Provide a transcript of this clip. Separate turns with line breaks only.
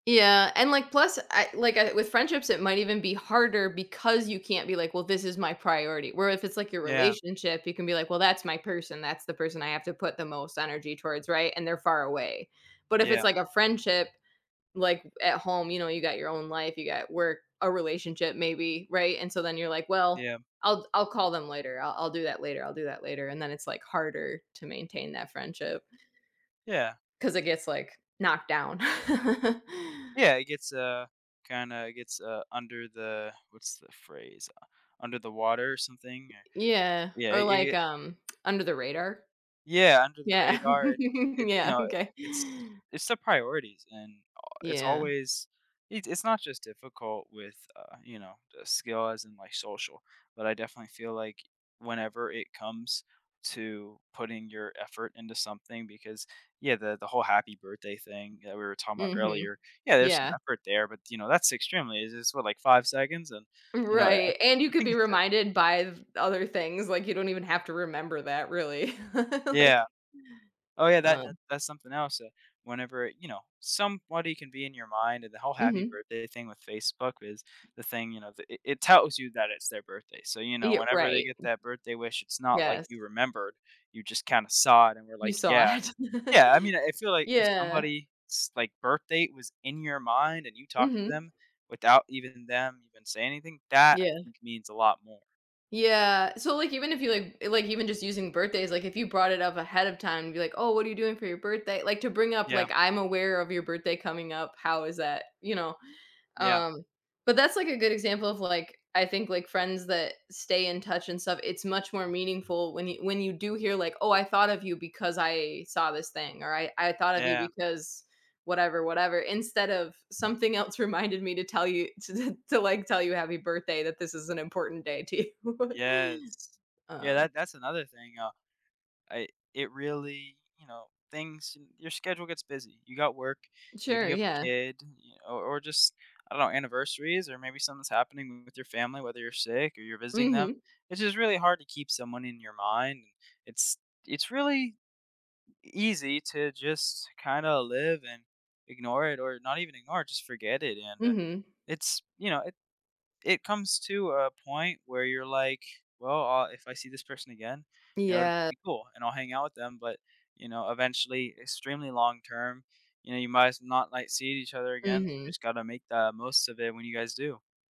Yeah, and, like plus I like, I with friendships, it might even be harder because you can't be, like, "Well this is my priority," where if it's, like, your
Yeah.
relationship, you can be like, well, that's my person, that's the person I have to put the most energy towards, right, and they're far away. But if
Yeah.
it's, like, a friendship, like, at home, you know, you got your own life, you got work, a relationship maybe, right, and so then you're. like, well,
Yeah.
I'll I'll call them later, I'll I'll do that later, I'll do that later, and then it's, like, harder to maintain that friendship.
Yeah.
'Cause it gets, like, knocked down.
Yeah, it gets, uh, kinda gets, uh, under the, what's the phrase u under the water or something,
Yeah,
yeah,
or
ye yeah.
like, um, under the radar.
Yeah, under the
Yeah,
radar, it, you
yeah,
know,
OK.
it's it's the priorities and a it's
Yeah.
always, it's it's not just difficult with, uh, you know, the skill as in my social, but I definitely feel like, whenever it comes to putting your effort into something because, yeah, the the whole happy birthday thing that we were talking about
Mhm,
earlier, yeah, there's some
yeah.
effort there, but you know, that's extremely it's what, like 5 seconds and you know, I I
Right, and you
I
could
think
be
it's different.
reminded by th other things, like, you don't even have to remember that, really,
Yeah.
like
Oh, yeah, that that
um
that's something else that whenever, you know, somebody can be in your mind and the whole happy
Mhm.
birthday thing with Facebook is the thing, you know, it it tells you that it's their birthday. So you know,
Ye
whenever they
right.
get that birthday wish, it's not like
Yes.
you remembered, you just kinda saw it and were
You
like,
saw
"Yeah."
it.
Yeah, I mean I feel, like, if
Yeah.
somebody's, like, birthday was in your mind and you talked to
Mhm.
them without even them even saying anything, that I
Yeah.
think means a lot more.
Yeah, so, like, even if you, like, like, even just using birthdays, like, if you brought it up ahead of time, and be, like, "Oh, what are you doing for your birthday?" like, to bring up,
Yeah.
like, "I'm aware of your birthday coming up, how is that?" you know.
Yeah.
Um, but that's like a good example of, like, I think, like, friends that stay in touch and stuff, it's much more meaningful when you when you do hear, like, "Oh, I thought of you because I saw this thing," or "I I thought of you
Yeah.
because whatever, whatever, instead of something else reminded me to tell you to to, like, tell you happy birthday, that this is an important day to you."
Yes, yeah,
Um
that that's another thing, uh, I it really you know, things your schedule gets busy. You got work, maybe
Sure,
you have a
yeah.
kid, or or just, I don't know, anniversaries or maybe something's happening with your family, whether you're sick or you're visiting them.
Mhm.
It's just really hard to keep someone in your mind. It's it's really easy to just kinda live and ignore it or not even ignore it, just forget it and, uh,
Mhm.
it's, you know, it it comes to a point where you're like, "Well, uh, if I see this person again, you know, it'd
Ye
be cool, and I'll hang out with them," but, you know, eventually, extremely long term, you know, you might s not, like, seeing each other again,
Mhm.
just gotta make the most of it when you guys do.